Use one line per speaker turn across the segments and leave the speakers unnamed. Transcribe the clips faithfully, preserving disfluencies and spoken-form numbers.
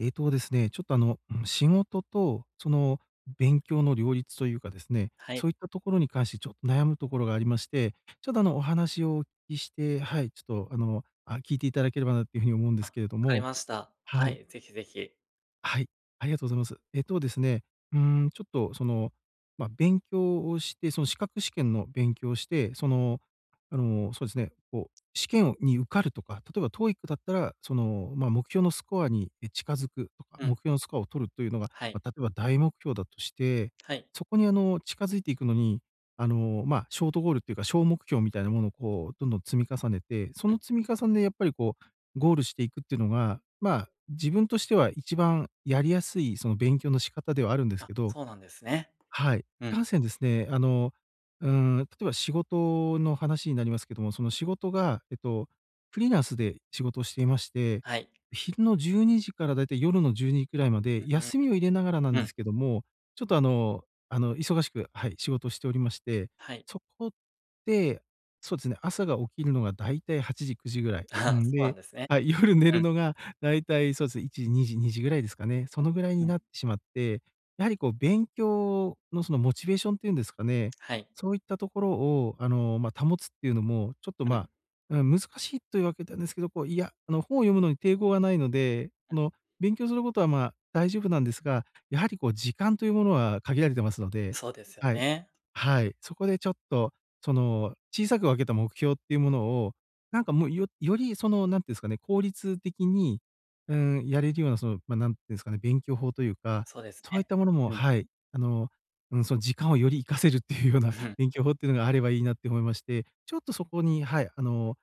ええとですね、ちょっと、あの、ん、仕事と、その勉強の、両立と言うか、ですね、
はい。
そう言った所に関して、ちょっと悩む所が、ありまして、ちょっと、あの、お話を、お聞きして、はい、ちょっと、あの、あ、聞いて頂ければな、って言う風に、思うんで
あ、
すけれど
分かり
も、
ました。
は
は
い。
い、是非是非。
はい、ありがとうございます、えっとですね、うーん、ちょっとその、ま、勉強をして、その、資格試験の勉強をして、その、あの、そうですね、こう、試験をに受かるとか、例えば、TOEIC だったら、その、ま、目標のスコアに、い、近づくとか、
う
目
ん。
標のスコアを取ると言うのが、
はい。
例えば、大目標だとして、
はい。
そこに、あの、近づいて行くのに、あの、ま、ショートゴールって言うか、小目標みたいなものを、こう、どんどん、積み重ねて、そ
うん。
の積み重ねで、やっぱりこう、ゴールして行くって言うのが、ま、自分としては、一番やりやすい、その、勉強の仕方ではあるんで
あ
す
あ、
けど、
そうなんですね。
はい、い
う
か
ん。
せんですね、あの、うーん、例えば、仕事の話になりますけども、その仕事が、えっと、フリーランスで仕事をしていまして、
はい。
昼の12時から、大体、夜のじゅうにじ位まで、
ううん。
休みを入れながらなん
う
で
ん。
すけども、ちょっと、あの、あの忙しく、はい、仕事をしておりまして、
はい。
そこで、そうですね、朝が、起きるのが、大体はちじくじ位、
あ
う
あ、
ん、
そうなん
で、
ですね、
あ、夜寝
う
る
ん。
のが、大体そうですね、いちじ、にじ、にじくらいですかね、その位
う
に
んう
な
ん。
ってしまって、やはりこう、勉強の、その、モチベーションって言うんですかね、
はい。
そう言った所を、あの、ま、保つって言うのも、ちょっと、
うん。
ま、うん、難しいと言う訳なんですけど、こう、いや、あの本を、読むのに、抵抗がないので、
うん。
の勉強する事は、ま、大丈夫なんですが、やはりこう、時間と言うものは、限られてますので、
そうですよ
はい、
ね。
はい、そこでちょっと、その、小さく分けた目標って言うものを、何かもう、よより、その、何て言うんですかね、効率的に、うーん、やれるような、その、ま、何て言うんですかね、勉強法と言うか、
そうです
そう言っ
ね。
たものも、
うん。
はい、あの、うん、その時間をより活かせるって言うような、勉強法って言うのがあれば良いなって思いまして、ちょっと、そこに、はい、あの、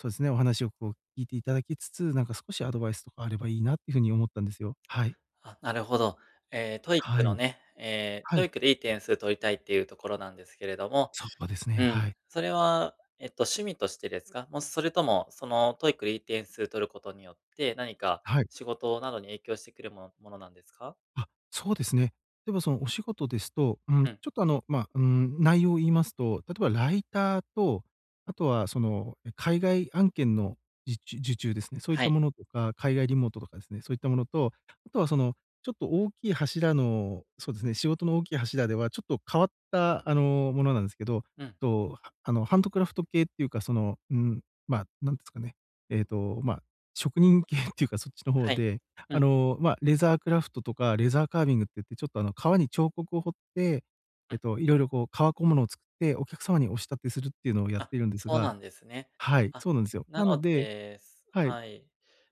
そうですね、お話をこう聞いて頂きつつ、なんか少しアドバイスとかあれば良いなって言う風に思ったんですよ、はい。
ああ、なるほど。ええ、TOEIC
は
の
い、
ね、ええ、
はい。
TOEIC でいい点数取りたいっていうところなんですけれども、
そうですね、
うん、
はい。
それはえっと、趣味としてですか？もうそれとも、その、TOEIC でいい点数取ることによって、何か
はい。
仕事などに影響してくるものものなんですか？
あ、そうですね。でも、そのお仕事ですと、うーん、ち
うん。
ょっと、あの、まあ、うーん、内容を言いますと、例えばライターと、後はその海外案件のじちゅ受注ですね、そういっ
は
た
い。
ものとか、海外リモートとかですね、そういったものと、後はそのちょっと大きい柱の、そうですね、仕事の大きい柱ではちょっと変わったあの、ものなんですけど、
うん。
と、あのハンドクラフト系っていうかその、うーん、まあ、何ていうんですかね、えっと、まあ、職人系って言うか、そっちの方
はい。
で、
う
あ
ん。
の、まあ、レザークラフトとか、レザーカービングって言って、ちょっとあの皮に彫刻を彫って、
う
えっ
ん。
と、いろいろこう、革小物を作って、お客様にお仕立てするっていうのをやっ
あ、
ているんです
そうな
が。
んですね。
はい、
あ、
そうなんですよ。
な
なの
の
で、
で、そ
はい。
はい。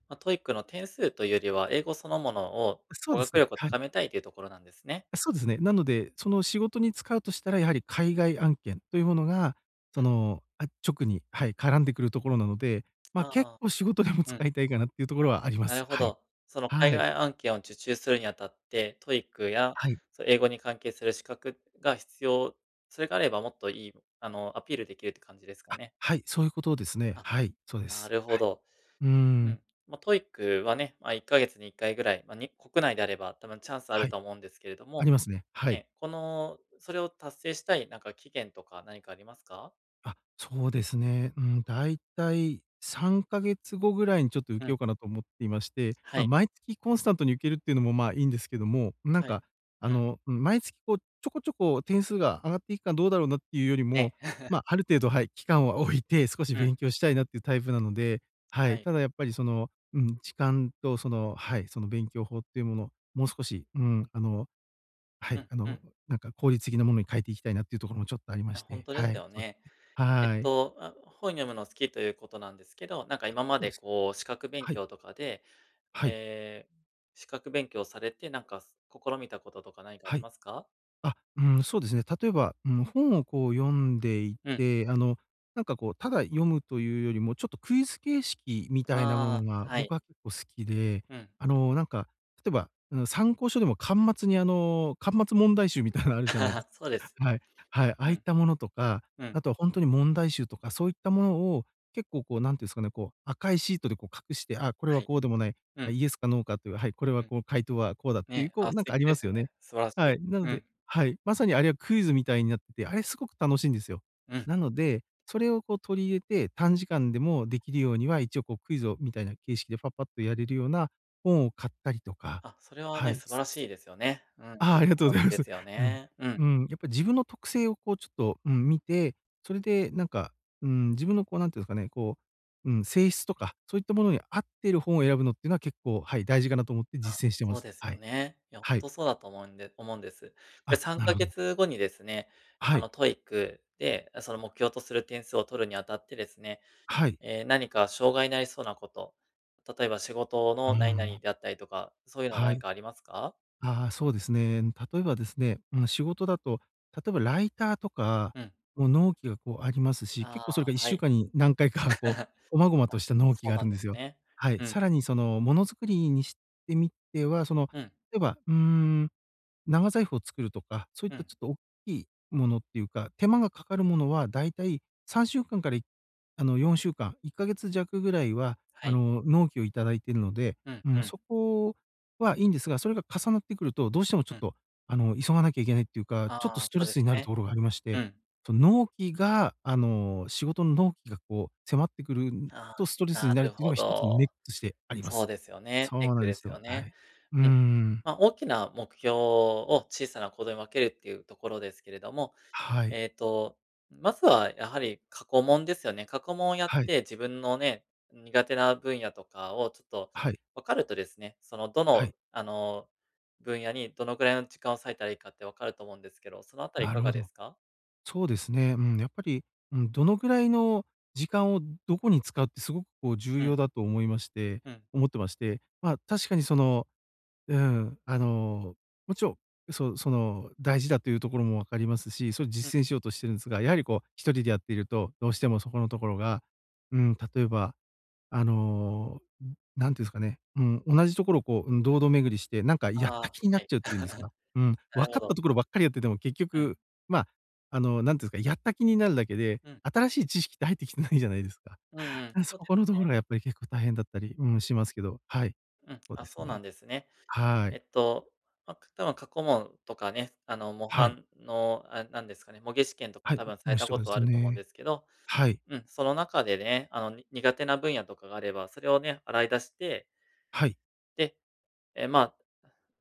まあ、TOEIC の点数というよりは、英語そのものを
そう
語
です
学
ね、
力を
はい。
高めたいというところなんですね。
そうですね。なので、その仕事に使うとしたら、やはり海外案件と言うものが、
う
そ
ん。
の、あ、直に、はい、絡んでくるところなので、まあ、
あ
結
あ、
構仕事でも
うん。あ、
使いたいかなっていう所はありま
なる
す。
ほ
はい。
ど。その海
はい。
外案件を受注するにあたって、TOEIC や、
はい。
そ、英語に関係する資格が必要、それがあればもっといい、あの、アピールできるって感じですか
あ、
ね。
はい。そうゆう事ですね。
あ、
はい、そうで
な
す、
るほ
はい。
ど。
うー
う
ん。
ん。まあ、TOEIC はね、まあ、いっかげつにいっかいぐらい、まあ、に国内であれば、多分チャンスあ
は
ると
い。
は思うんですけれど
あ
も、
りますね、はい。
ね、この、それを達成したいなんか期限とか何かありますか？
あ、そうですね。うん、大体さんかげつ後ぐらいにちょっと受
う
け
ん。
ようかなと思っていまして。
は
ま、
い。
毎月コンスタントに受けるっていうのも、ま、いんですけども。なん
はい。う
か、あ
ん。
の、うん、毎月こう、ちょこちょこ点数が上がっていくかどうだろうなっていうよりも、
ね。
ま、ある程度、はい、期間は置いて、少し
うん。
勉強したいなっていうタイプなので。は
は
い、
い。
ただやっぱりその、うん、時間とその、はい、その勉強法っていうもの、もう少し、うーん、あの、は
う
い。
ん
あ
う
の
ん。
なんか、効率的なものに変えていきたいなっていうところもちょっとありま
あ、
し
ほん
て。
とで
は
す
い、
よ
そうです
ね。
ね。
えっ
はい。
と、あ、本読むの好きということなんですけど、なんか
あ、
今ま
そう
で
です
こう資格勉
はい。
強とかで、
はい。
ええ、資格勉強されて、なんかす試みたこととか何かあ
は
り
い。
ますか？
あ、うん、そうですね。例えば、うん、本をこう読んでい
うん。
て、あのなんかこう、ただ読むというよりも、ちょっとクイズ形式みたいなもの
ああ、
が、
はい。
僕は結構好きで。
うん。
あの、なんか、例えば、うん、参考書でも巻末に、あの、巻末問題集みたいなのあるじゃないで す
そうです
は
ね。
い。はい。ああ
う
いっ
ん。
たものとか。
うん。
後はほんとに問題集とか、そういったものを結構こう、なんて言うんすかね、こう赤いシートでこう隠して、あ、これ
は
は
い。
こうでもない、
う
あ、
ん。
イエスかノーかっていう、はい、これは
うん。
こう回答はこうだっ
ね
ていう、
え、
こ
あ、
うな
素
んか
敵
あり
で
ま
す
すよね。
ね。素晴らし
は
い。
い、なの
う
で
ん。
はい、まさにあれはクイズみたいになってて。あれすごく楽しいんですよ。
うん。
なので、それをこう取り入れて、短時間でもできるようには、一応こう、クイズをみたいな形式で、パッパッとやれるような本を買ったりとか、
あ、それは
は
ね、
い。
素晴らしいですよね。うん。
ああ、あ
結
りがとうご
構
ざいま
で
す。
すよ
うん。
ね。うん。
うん。やっぱ自分の特性をこうちょっと、うん、見て。それでなんか、うーん、自分のこうなんていうんですかね、こう、うん、性質とか、そういったものに合ってる本を選ぶのっていうのは結構、はい、大事かなと思って
あ、
実践してま
そう
す。
です
は
よ
い。
ね。いや、ほん
はい。
とそうだと思うんで思うんです。で
あ、
さん
なる
か
ほ
げ
ど。
つ後にですね、
は
あ
い。
の TOEIC で、その目標とする点数を取るにあたってですね、
はい。
ええ、何か障害になりそうなこと、例えば仕事
うー
の何々
ん。
であったりとか、そういうのは
は
何
い。
かありますか？
ああ、そうですね。ん、例えばですね、うん、仕事だと、例えばライターとか
うん。
も納期がこうありますし。
あ
結構それがいっ
あ、は
しゅう
い。
かんに何回か、こう細々 と
あ、
した納期
そう
があ
な
る
ん
んで
で
す
す
よ。
ね。
はい。
うん。
さらにその物作りにしてみては、その、
うん。
例えば、うーん、長財布を作るとか、そういっ
う
た
ん。
ちょっと大きい物っていうか、手間がかかるものは大体さんしゅうかんからいあの、よんしゅうかん。いっかげつ弱ぐらいは、
は
あ
い。
の、納期を頂いてるので。
うん、
う
う
ん、
ん。
そこはいんですが、それが重なってくると、どうしてもちょ
う
っ
ん。
と、あの、急がなきゃいけないっていうか、ちょっと
あ
ス
あ、
ト
そう
レ
です
スになる
ね。
ところがありまし
う
て。
ん。
その、納期が、あの、仕事の納期がこう迫ってくるん
あ
とストレ
あ、な
スになるっ
る
ていうの
ほ
がひとつのネッ
ど。
としてありま
そ
す。
うですよね、
そう
ネッ
なん
ク
で
で
す
すよ
よ、は
ね。
い。うんうん
うん。
うん。
ま、大きな目標を小さな行動に分けるっていうところですけれども。
はい。
ええと、まずはやはり過去問ですよね。過去問をやっ
はい。
て、自分のね、苦手な分野とかをちょっと
はい。
分かるとですね、そのど
はい。
のあの分野に、どのくらいの時間を割いたらいいかって分かると思うんですけど。そのあたりい
な
か
る
が
ほ
で
ど。
すか？
そうですね、うん、やっぱり、うん、どのくらいの時間をどこに使うって、すごくこう重
うん。
要だと思いまして
うん。
思ってまして。ま、確かにその、うん、あの、もちろん、そその大事だっていうところも分かりますし、それ
うん。
実践しようとしてるんすが。やはりこうひとりでやってると、どうしてもそこのところが、うーん、例えば、あの、うん、なんて言うんですかね。うん、同じところをこう、うん、堂々巡りして、なんかやっ
あ
た
あ、
気にな
は
っ
い。
ちゃうっていうんですか。うん、
な
わ
るほ
かった
ど。
ところばっかりやってても、結
うん。
局、まあ、あのなんて言うんすか、やった気になるだけで、
うん。
新しい知識って入ってきてないじゃないですか。
うんうん、そ
そ
うで
この
す
とこ
ね。
ろがやっぱり結構大変だったり、うん、しますけど。はい。
うん、
そう
あ、
で
そ
す
うな
ね。
んですね。
は
え
い。
っと、ま、多分過去問とかね、あの模
はい。
範のあれなんですかね、模擬試験とか
はい、ん、
多分さ
も
れ
うひ
た
と
こ
かわで
と
す
あると思うん
ね。
ですけど。
はい。
うん、その中でね、あのに苦手な分野とかがあれば、それをね、洗い出して
はい。
で、ええ、まあ、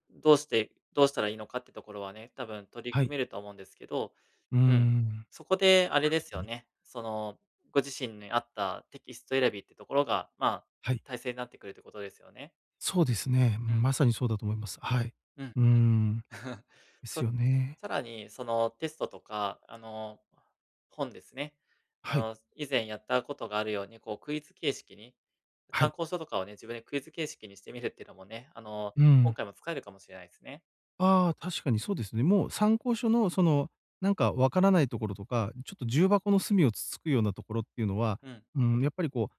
どうしてどうしたらいいのかってところはね、多分取り
は
組
い。
めると思うんですけど。
うー
うん、
ん。
そこであれ
は
で
い
す
ご
よ
に。
ね、そのご自身に合ったテキスト選びってところが、まあ、
はい。
たいせいになってくるってことですよね。
そうですね、う
う
ん、
ん。
まさにそうだと思います。はい。
うん、はい。
うーん。です
そ
よね。
さらにその、テストとか、あの、本ですね、あ
はい。
の、す以前やったことがあるように、こうクイズ形式に、
は
参
い。
考書とかをね、自分でクイズ形式にしてみるっていうのもね、あの、
う
今
ん。
回も使えるかもしれないすね。
ああ、確かにそうですね。もう参考書のその、なんかわからないところとか、ちょっと重箱の隅をつつくようなところっていうのは、
うん。
うーん、やっぱりこ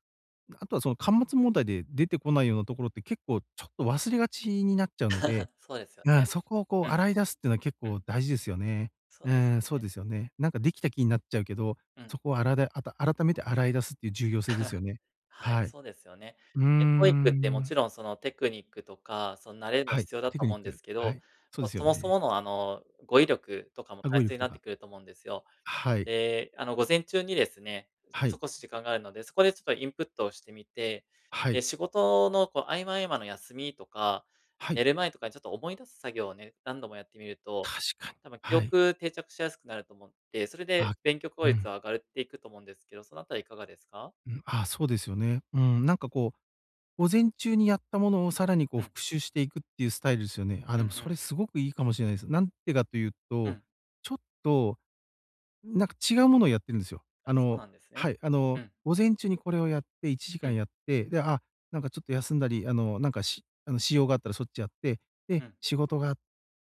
う、な後はその、巻末問題で出てこないようなところって、結構ちょっと忘れがちになっちゃうので、
そうですよ
な、
ね。
そこをこう
うん。
洗い出すってのは結
うん。
構大事ですよね。
そう
う
です
ーん、そう
ね。
ですよね。なんかできた気になっちゃうけど、
う
そ
ん。
こをあらであた改めて洗い出すっていう重要性ですよ ね。
はい、
はい。
そうですよね。
うー
え、TOEIC っても
ん。
ちろんその、テクニックとか、その慣れも
はい、
必要だ
テ
と
クニ
思
ッ
うんで
ク、
すけ
は
ど、
い。そう
ま
で
あ、
すよ
そもそ
ね。
ものあの、語彙力とかも
あ、
た
語
い
彙
せい
力と
なって
か。
くると思うんですよ。
はい。
で、あの、午前中にですね、
は
そ
い。
こし時間があるので、そこでちょっとインプットをしてみて、
は
え
い。
え、仕事のこう合間合間の休みとか、
はい。
寝る前とかにちょっと思い出す作業をね、何度もやってみると、
確かに。
多分記
はい。
憶定着しやすくなると思って、それ
あ。
で勉強効
う
率
ん。
は上がるっていくと思うんですけど、そのあたりいかがですか？
うん、ああ、そうですよね。うん、なんかこう、午前中にやったものをさらに、こう、
うん。
復習していくっていうスタイルすよね？あ、
う
で
んう
もそれ
ん。
すごくいいかもしれないす。なんでかという
う
と、
ん。
ちょっと、なんか違うものをやってるんすよ。
あ、
あ
そう
の
なんです
は
ね。
い、あの、
うん。
午前中にこれをやって、いちじか
うん。
んやって、で、あ、なんかちょっと休んだり、あの、なんかしあの、私用があったらそっちやって、で、
うん。
仕事が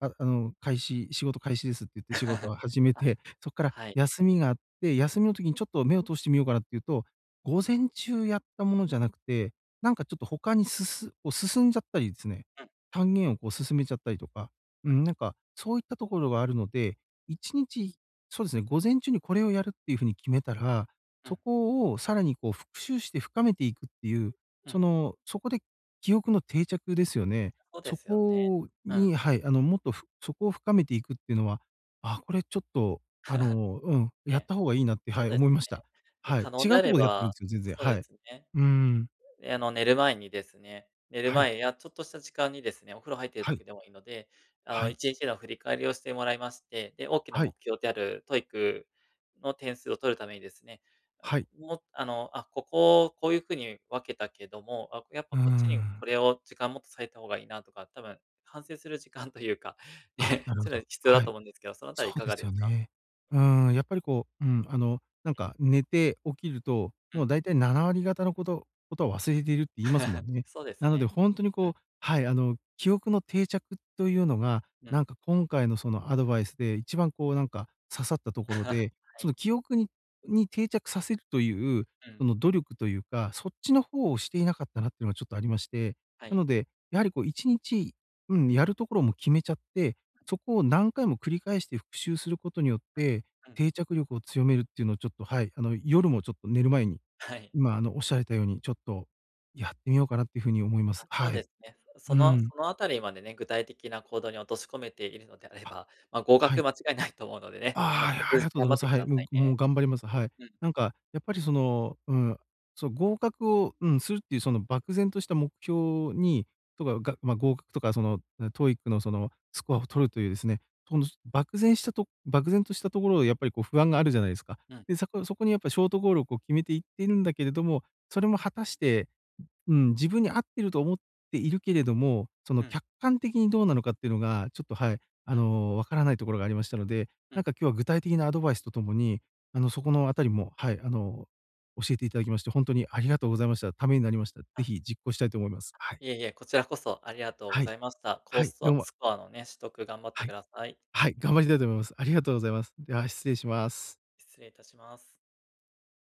あ、あの、開始仕事開始ですって言って仕事 を始め
あ、
て、そっから
はい。
休みがあって、休みの時にちょっと目を通してみようかなっていうと、午前中やったものじゃなくて、なんかちょっと他にすすこう、進んじゃったりすね、
うん。
単元をこう進めちゃったりとか。うん、なんか、そういったところがあるので、一日、そうですね、午前中にこれをやるっていう風に決めたら、
う
そ
ん。
こをさらにこう復習して深めていくっていう、
う
そ
ん。
の、そこで記憶の定着ですよね。
ほうで
そ
すよね。
こ
うん。
にはい、あの、もっとふそこを深めていくっていうのは、ああ、これちょっとあのう ん、
え
やっ
え、
た方がいいなって、
そ
は
う
い、
です
思いました。
ね。で、
はい。
可能
違
であ
うと
れ
こでやってるん
ば、
すよ、全然
そうで
はい。
すね。
うん。
え、あの、寝る前にですね、寝る
はい。
前やちょっとした時間にですね、お風呂入ってる
は
時
い。
でもいいので、あ
は
の、
い。
一日の振り返りをしてもらいまして、で、大きな
はい。
目標である TOEIC の点数を取るためにですね、あ、
は
こ
い。
う、もう、あの「あ、ここをこういう風に分けたけども、あ、やっぱ
うー
こっちにこ
ん。
れを、時間もっと割いた方がいいな」とか、多分、反省する時間というか、
あ、
ね、
なるほ
それ
ど。
必要だ
は
と
い。
思うんですけど、そのあたり
そ
い
う
か
で
が
す
で
よ
すか？
ね。うーん、やっぱりこう、うん、あの、なんか、ん、寝て起きると、
う
もう
ん。
大体ななわりがたの事事は忘れているって言いますも んね。
そうです
なので
ね。
ほんとに
うん。
こうはい、あの、記憶の定着というのが、
うん。
なんか今回のそのアドバイスで一番こう、なんか刺さった所 で、
は
そ
い。
の、記憶にに定着させるという、
う
そ
ん。
の努力というか、そっちの方をしていなかったなっていうのがちょっとありまして。
は
な
い。
ので、やはりこう一日、うん、やる所も決めちゃって、そこを何回も繰り返して復習することによって、
うん、うん。
定着力を強めるっていうのをちょっと、はい、あの、夜もちょっと寝る前に、
はい。
今あの、仰られたようにちょっとやってみようかなっていう風に思います
あ、そ
は
うで
い。
すね。おそ
う
の
ん。
そのあたりまでね、具体的な行動に落とし込めているのであれ
あ、
ば、まあ、合
は
格
い。
間違いないと思うのでね、あの、
あ
引
あ、い
き
ありが
続
とうござ
頑
い
張っ
ます。
て
は
くだ
い、
さ
もう
い
ぐもう
ね。
頑張ります、はい。
うん。
なんかやっぱりその、うん、その合格を、うん、するっていうその漠然とした目標にとかが、まあ、合格とかその、な、TOEIC のその、スコアを取るというですね、この、す漠然したと漠然としたところをやっぱり、こう、不安があるじゃないすか。
うん。
で、さこそこにやっぱショートゴールをこう決めていってるんだけれども、それも果たして、うん、うん、自分に合ってると思っているけれども、そ
う
の
ん。
客観的にどうなのかっていうのが、ちょっと、はい、あ
うん。
の、わからないところがありましたので、
う
なん
ん。
か今日は具体的なアドバイスと共に、あの、そこのあたりも、はい、あの、教えていただきましてほんとにありがとうございました、ためになりました。是
あ。
非実行したいと思います、はい。
いえいえ、こちらこそありがとうご
はい、
ざいました。コ
はい、
ス
ど
ト、
うま
スコアのね、取得頑張って
は
く
い。
ださい。
はい、頑張りたいと思います。ありがとうございます。では失礼します。
失礼いたします。